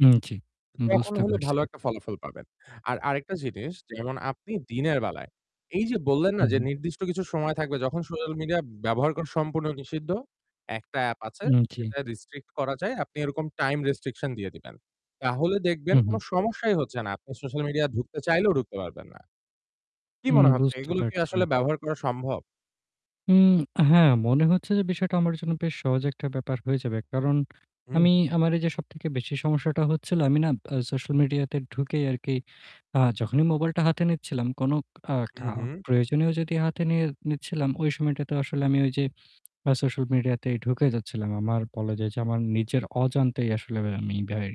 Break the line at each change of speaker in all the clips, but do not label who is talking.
উম জি।
তখন
বুঝতে
হলে ভালো
পারছি।
একটা ফলাফল পাবেন। আর আরেকটা জিনিস যেমন আপনি দিনের বেলায় এই যে বললেন, না যে
উহু।
নির্দিষ্ট কিছু সময় থাকবে যখন সোশ্যাল মিডিয়া ব্যবহার করা সম্পূর্ণ নিষিদ্ধ। একটা app আছে
উম জি।
যেটা restrict করা যায়। আপনি এরকম time restriction দিয়ে দিবেন। তাহলে দেখবেন কোন
উহু।
সমস্যাই হচ্ছে না। আপনি সোশ্যাল মিডিয়া ঢুকতে চাইলেও ঢুকতে পারবেন না। কি
উম
মনে হচ্ছে?
বুঝতে
এগুলো কি
পারছি।
আসলে ব্যবহার করা সম্ভব?
উম হ্যাঁ, মনে হচ্ছে যে বিষয়টা আমার জন্য বেশ সহজ একটা ব্যাপার হয়ে যাবে। কারণ
হু,
আমি,
হু।
আমার এই যে সবথেকে বেশি সমস্যাটা হচ্ছিল, আমি না অ্যা social media তে ঢুকেই আর কি আ যখনই mobile টা হাতে নিচ্ছিলাম, কোন আ কা
উহু।
প্রয়োজনীয় যদি হাতে নিয়ে নিচ্ছিলাম, ওই সময়টাতেও আসলে আমি ওই যে আ social মিডিয়াতেই ঢুকে যাচ্ছিলাম। আমার বলা যায় যে আমার নিজের অজান্তেই আসলে আমি ভাই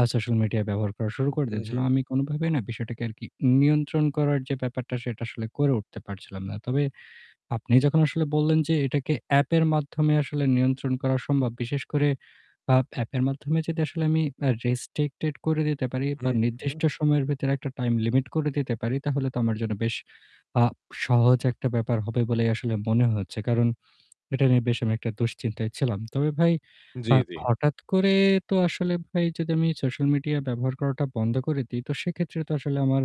আ social media ব্যবহার করা শুরু করে দিচ্ছিলাম।
উহু।
আমি কোনভাবেই না বিষয়টাকে আর কি নিয়ন্ত্রণ করার যে ব্যাপারটা সেটা আসলে করে উঠতে পারছিলাম না। তবে আপনি যখন আসলে বললেন, যে, এটাকে app এর মাধ্যমে আসলে নিয়ন্ত্রণ করা সম্ভব, বিশেষ করে আপ app এর মাধ্যমে যদি আসলে আমি অ্যা restricted করে দিতে পারি বা
উহু।
নির্দিষ্ট সময়ের ভিতরে একটা time limit করে দিতে পারি তাহলে তো আমার জন্য বেশ আ সহজ একটা ব্যাপার হবে বলেই আসলে মনে হচ্ছে। কারণ এটা নিয়ে বেশ আমি একটা দুশ্চিন্তায় ছিলাম। তবে ভাই
জি,
আ
জি।
হঠাৎ করে তো আসলে ভাই যদি আমি social media ব্যবহার করাটা বন্ধ করে দিই তো সেক্ষেত্রে তো আসলে আমার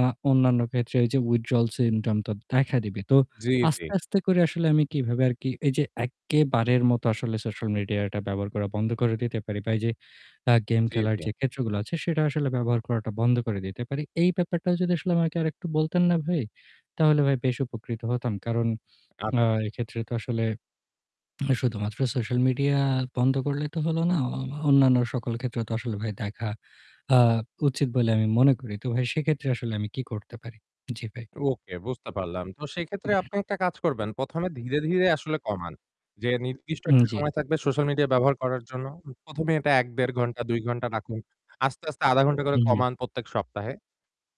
আ অন্যান্য ক্ষেত্রে ওই যে withdrawal syndrome তো দেখা দিবে। তো
জি, জি।
আস্তে, আস্তে করে আসলে আমি কিভাবে আর কি এই যে একেবারে মতো আসলে social media টা ব্যবহার করা বন্ধ করে দিতে পারি বা এইযে অ্যা game
জি,
খেলার
জি।
যে ক্ষেত্রগুলো আছে সেটা আসলে ব্যবহার করাটা বন্ধ করে দিতে পারি। এই ব্যাপারটা যদি আসলে আমাকে আর একটু বলতেন না ভাই, তাহলে ভাই বেশ উপকৃত হতাম। কারণ আ
আচ্ছা।
এক্ষেত্রে তো আসলে শুধুমাত্র social media বন্ধ করলে তো হলো না। অ অন্যান্য সকল ক্ষেত্রে তো আসলে ভাই দেখা আ উচিত বলে আমি মনে করি। তো ভাই সেক্ষেত্রে আসলে আমি কি করতে পারি? জি ভাই।
ওকে, বুঝতে পারলাম। তো সেক্ষেত্রে আপনি একটা কাজ করবেন। ১ম, এ ধীরে, ধীরে আসলে কমান। যে নির্দিষ্ট
উম
একটা
জি।
সময় থাকবে সোশ্যাল মিডিয়া ব্যবহার করার জন্য। ১ম, এ এটা ১-১.৫ ঘণ্টা, ২ ঘণ্টা রাখুন। আস্তে, আস্তে ০.৫ ঘণ্টা করে
উম
কমান প্রত্যেক সপ্তাহে।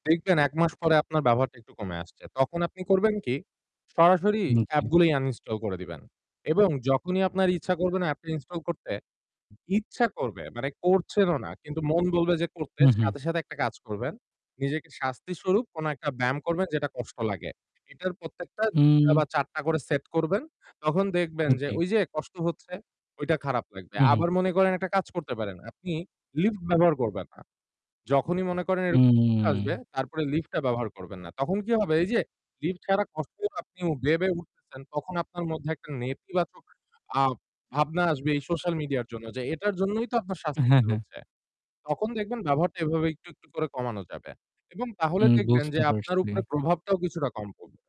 দেখবেন ১ মাস পরে আপনার ব্যবহারটা একটু কমে আসছে। তখন আপনি করবেন কি? সরাসরি
উম জি।
app গুলিই uninstall করে দিবেন এবং যখনই আপনার ইচ্ছা করবে না app টা install করতে, ইচ্ছা করবে মানে করছেনও না কিন্তু মন বলবে যে করতে,
উহু।
সাথে, সাথে একটা কাজ করবেন। নিজেকে শাস্তিস্বরূপ কোন একটা ব্যায়াম করবেন যেটা কষ্ট লাগে। এটার প্রত্যেকটা ২ টা
উম
বা ৪ টা করে set করবেন। তখন দেখবেন
উম
যে
জি।
ঐ যে কষ্ট হচ্ছে, ওইটা খারাপ লাগবে।
উহু।
আবার মনে করেন একটা কাজ করতে পারেন। আপনি lift ব্যবহার করবেন না। যখনই মনে করেন এরকম চিন্তা আসবে
উম
তারপরে lift টা ব্যবহার করবেন না। তখন কি হবে? এই যে lift ছাড়া কষ্ট আপনিও বেয়ে, বেয়ে উঠতেছেন তখন আপনার মধ্যে একটা নেতিবাচক ভাব ভাবনা আসবে এই সোশ্যাল মিডিয়ার জন্য যে এটার জন্যই তো আপনার
হ্যাঁ,
শাস্তিটা
হ্যাঁ।
হচ্ছে। তখন দেখবেন ব্যবহারটা এভাবে একটু, একটু করে কমানো যাবে এবং তাহলে
উম
দেখবেন যে
বুঝতে
আপনার
পারছি।
উপরে প্রভাবটাও কিছুটা কম পড়বে।